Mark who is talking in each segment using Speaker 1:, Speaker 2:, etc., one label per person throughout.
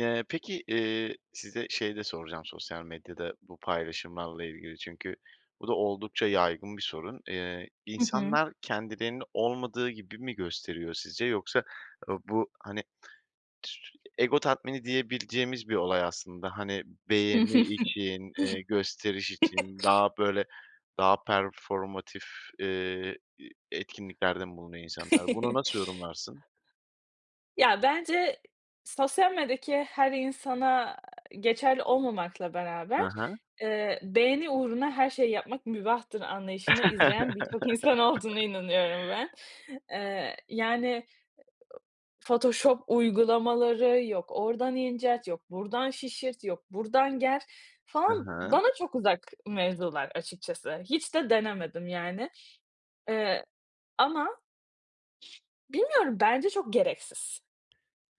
Speaker 1: Eee, peki, eee, size şey de soracağım sosyal medyada bu paylaşımlarla ilgili çünkü bu da oldukça yaygın bir sorun. Eee,
Speaker 2: Hı hı.
Speaker 1: insanlar kendilerini olmadığı gibi mi gösteriyor sizce yoksa, ııı, bu, hani, tü sü ego tatmini diyebileceğimiz bir olay aslında. Hani, beğeni için, eee, gösteriş için daha, böyle, daha performative eee, iii, etkinliklerde mi bulunuyor insanlar? Bunu nasıl yorumlarsın?
Speaker 2: Ya, bence sosyal medyadaki her insana geçerli olmamakla beraber,
Speaker 1: He he.
Speaker 2: eee, beğeni uğruna her şeyi yapmak mübahtır anlayışını izleyen birçok insan olduğuna inanıyorum ben. Eee, yani, photoshop uygulamaları, yok oradan incelt, yok buradan şişirt, yok buradan ger
Speaker 1: He
Speaker 2: falan
Speaker 1: he.
Speaker 2: bana çok uzak mevzular açıkçası. Hiç de denemedim, yani, eee, ama Bilmiyorum bence çok gereksiz.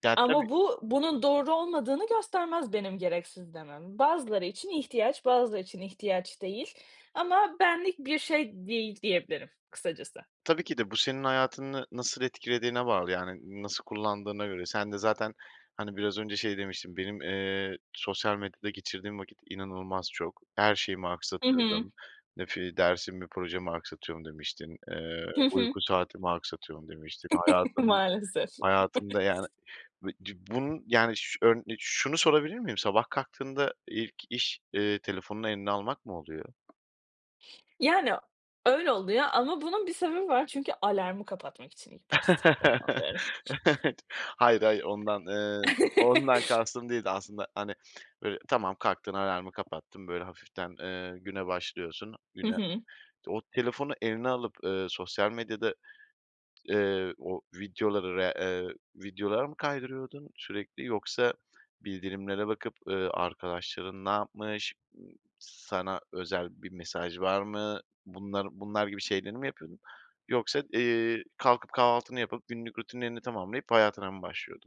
Speaker 1: Ya
Speaker 2: Ama
Speaker 1: tabii
Speaker 2: bu, bunun doğru olmadığını göstermez benim gereksiz demem. Bazıları için ihtiyaç, bazıları için ihtiyaç değil ama benlik bir şey değil diyebilirim kısacası.
Speaker 1: Tabii ki de. Bu senin hayatını nasıl etkilediğine bağlı. Yani, nasıl kullandığına göre sen de zaten, hani, biraz önce şey demiştin. "Benim, eee, sosyal medyada geçirdiğim vakit inanılmaz çok. Her şeyimi
Speaker 2: Hı hı.
Speaker 1: aksatıyordum. Nef i dersimi, projemi aksatıyorum." demiştin. Eee,
Speaker 2: Hı hı.
Speaker 1: "Uyku saatimi aksatıyorum." demiştin. Hayatımı
Speaker 2: Maalesef.
Speaker 1: hayatımda, yani, bi ci bunun, yani, şu ön de şunu sorabilir miyim? Sabah kalktığında ilk iş, eee, telefonunu eline almak mı oluyor?
Speaker 2: Yani, öyle oldu ya. Ama bunun bir sebebi var. Çünkü alarmı kapatmak için ilk başta telefonumu alıyorum.
Speaker 1: Hayır, hayır ondan, eee, ondan kastım değildi. Aslında, hani, böyle, tamam kalktın alarmı kapattın, böyle, hafiften, eee, güne başlıyorsun
Speaker 2: Hı
Speaker 1: güne
Speaker 2: hı.
Speaker 1: O telefonu eline alıp, eee, sosyal medyada, eee, o videoları, re eee, videoları mı kaydırıyordun sürekli yoksa bildirimlere bakıp, eee, arkadaşların ne yapmış? Sana özel bir mesaj var mı? Bunlar bunlar gibi şeyleri mi yapıyordun? Yoksa, eee, kalkıp kahvaltını yapıp günlük rutinlerini tamamlayıp hayatına mı başlıyordun?